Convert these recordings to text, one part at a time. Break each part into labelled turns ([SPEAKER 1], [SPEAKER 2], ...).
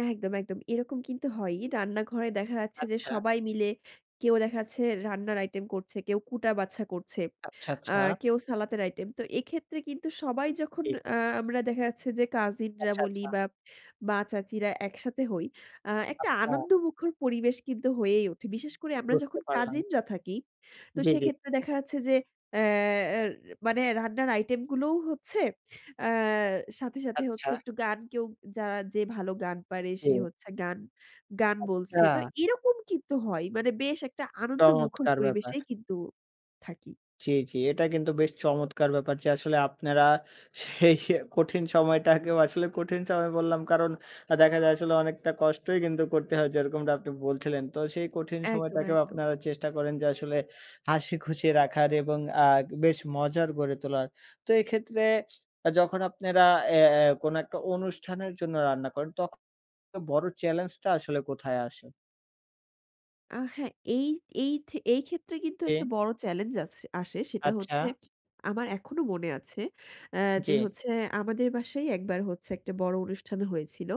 [SPEAKER 1] একদম, একদম। এরকম কিন্তু হয়ই, রান্নাঘরে দেখা যাচ্ছে যে
[SPEAKER 2] আচ্ছা।
[SPEAKER 1] সবাই মিলে কেউ দেখাচ্ছে রান্নার আইটেম করছে, কেউ কুটা বাছা করছে
[SPEAKER 2] আচ্ছা,
[SPEAKER 1] আ
[SPEAKER 2] আচ্ছা।
[SPEAKER 1] কেউ সালাদের আইটেম। তো এক্ষেত্রে কিন্তু সবাই যখন
[SPEAKER 2] জি।
[SPEAKER 1] আ আমরা দেখা যাচ্ছে যে কাজিনরা
[SPEAKER 2] আচ্ছা,
[SPEAKER 1] বলি
[SPEAKER 2] আচ্ছা।
[SPEAKER 1] বা মা-চাচীরা একসাথে হই আ একটা
[SPEAKER 2] আট্টা।
[SPEAKER 1] আনন্দমুখর পরিবেশ কিন্তু হয়েই ওঠে। বিশেষ করে আমরা
[SPEAKER 2] বুঝতে
[SPEAKER 1] যখন
[SPEAKER 2] পারলাম।
[SPEAKER 1] কাজিনরা থাকি, তো
[SPEAKER 2] জি, জি।
[SPEAKER 1] সেক্ষেত্রে দেখা যাচ্ছে যে অ্যা অ্যা র মানে রান্নার আইটেম গুলোও হচ্ছে। আ সাথে, সাথে হচ্ছে
[SPEAKER 2] আচ্ছা।
[SPEAKER 1] একটু গান কেউ যা যে ভালো গান পারে সে
[SPEAKER 2] কে?
[SPEAKER 1] হচ্ছে গান, গান বলছে। তো
[SPEAKER 2] আচ্ছা।
[SPEAKER 1] এরকম কিন্তু হয় মানে বেশ একটা আনন্দমুখর
[SPEAKER 2] চমৎকার ব্যাপার।
[SPEAKER 1] পরিবেশেই কিন্তু থাকি।
[SPEAKER 2] জি, জি এটা কিন্তু বেশ চমৎকার ব্যাপার যে আসলে আপনারা সেই এ কঠিন সময়টাকেও আসলে কঠিন সময় বললাম কারণ আ দেখা যায় আসলে অনেকটা কষ্টই কিন্তু করতে হয় যেরকমটা আপনি বলছিলেন। তো সেই কঠিন
[SPEAKER 1] একদম,
[SPEAKER 2] সময়টাকেও
[SPEAKER 1] একদম।
[SPEAKER 2] আপনারা চেষ্টা করেন যে আসলে হাসি খুশি রাখার এবং আ দে বেশ মজার গড়ে তোলার। তো এক্ষেত্রে আ যখন আপনারা এ্যা এ্যা কোনো একটা অনুষ্ঠানের জন্য রান্না করেন তখ এ বড় চ্যালেঞ্জটা আসলে কোথায় আসে?
[SPEAKER 1] আ হ্যাঁ এই এই থে এই ক্ষেত্রে কিন্তু
[SPEAKER 2] এ
[SPEAKER 1] একটা বড় চেলেঞ্জ আছ আসে সেটা হচ্ছে
[SPEAKER 2] আচ্ছা।
[SPEAKER 1] আমার এখনো মনে আছে আ
[SPEAKER 2] জি।
[SPEAKER 1] যে হচ্ছে আমাদের বাসায় একবার হচ্ছে একটা বড় অনুষ্ঠান হয়েছিল।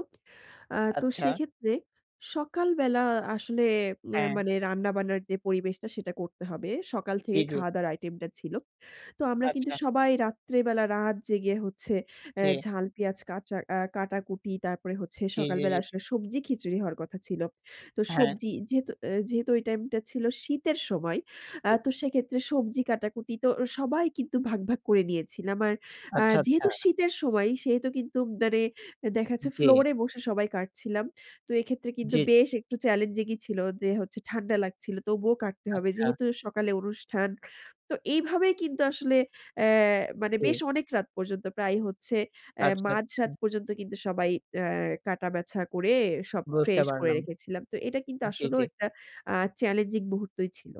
[SPEAKER 1] আ তো
[SPEAKER 2] আচ্ছা।
[SPEAKER 1] সেক্ষেত্রে সকাল বেলা আসলে নের
[SPEAKER 2] হ্যাঁ।
[SPEAKER 1] মানে রান্না-বান্নার যে পরিবেশটা সেটা করতে হবে, সকাল
[SPEAKER 2] জি,
[SPEAKER 1] থেকেই
[SPEAKER 2] জি।
[SPEAKER 1] খাওয়া-দাওয়ার আইটেম টা ছিল। তো আমরা কিন্তু
[SPEAKER 2] আচ্ছা।
[SPEAKER 1] সবাই রাত্রেবেলা রাত জেগে হচ্ছে এ
[SPEAKER 2] জি।
[SPEAKER 1] ঝাল, পেঁয়াজ কাচা আ কাটাকুটি তারপরে হচ্ছে
[SPEAKER 2] জি, জি,
[SPEAKER 1] সকালবেলা
[SPEAKER 2] জি।
[SPEAKER 1] আসলে সবজি খিচুড়ি হওয়ার কথা ছিল। তো
[SPEAKER 2] হ্যাঁ।
[SPEAKER 1] সবজি যেহেতু আ যেহেতু ওই টাইম টা ছিল শীতের সময়
[SPEAKER 2] জি,
[SPEAKER 1] আ
[SPEAKER 2] জি।
[SPEAKER 1] তো সেক্ষেত্রে সবজি কাটাকুটি তো এ সবাই কিন্তু ভাগ, ভাগ করে নিয়েছিলাম আর আ
[SPEAKER 2] আচ্ছা,
[SPEAKER 1] যেহেতু
[SPEAKER 2] আচ্ছা।
[SPEAKER 1] শীতের সময় সেহেতু কিন্তু মানে এ
[SPEAKER 2] এ
[SPEAKER 1] দেখাচ্ছে
[SPEAKER 2] জি।
[SPEAKER 1] ফ্লোর এ বসে সবাই কাটছিলাম। তো এক্ষেত্রে কিন্তু
[SPEAKER 2] জি।
[SPEAKER 1] বেশ একটু চ্যালেঞ্জিং ই ছিল যে হচ্ছে ঠান্ডা লাগছিল তবুও কাটতে হবে।
[SPEAKER 2] আচ্ছা।
[SPEAKER 1] যেহেতু সকালে অনুষ্ঠান। তো এইভাবেই কিন্তু আসলে অ্যা মানে
[SPEAKER 2] জি।
[SPEAKER 1] বেশ অনেক রাত পর্যন্ত প্রায় হচ্ছে অ্যা
[SPEAKER 2] আচ্ছা, আচ্ছা।
[SPEAKER 1] মাঝরাত পর্যন্ত কিন্তু সবাই অ্যা কাটা বাছা করে সব
[SPEAKER 2] বুজতে
[SPEAKER 1] ফ্রেশ করে
[SPEAKER 2] পারলাম।
[SPEAKER 1] রেখেছিলাম তো এটা কিন্তু
[SPEAKER 2] জি,
[SPEAKER 1] আসলেও
[SPEAKER 2] জি।
[SPEAKER 1] একটা আ চ্যালেঞ্জিং মুহূর্তই ছিল।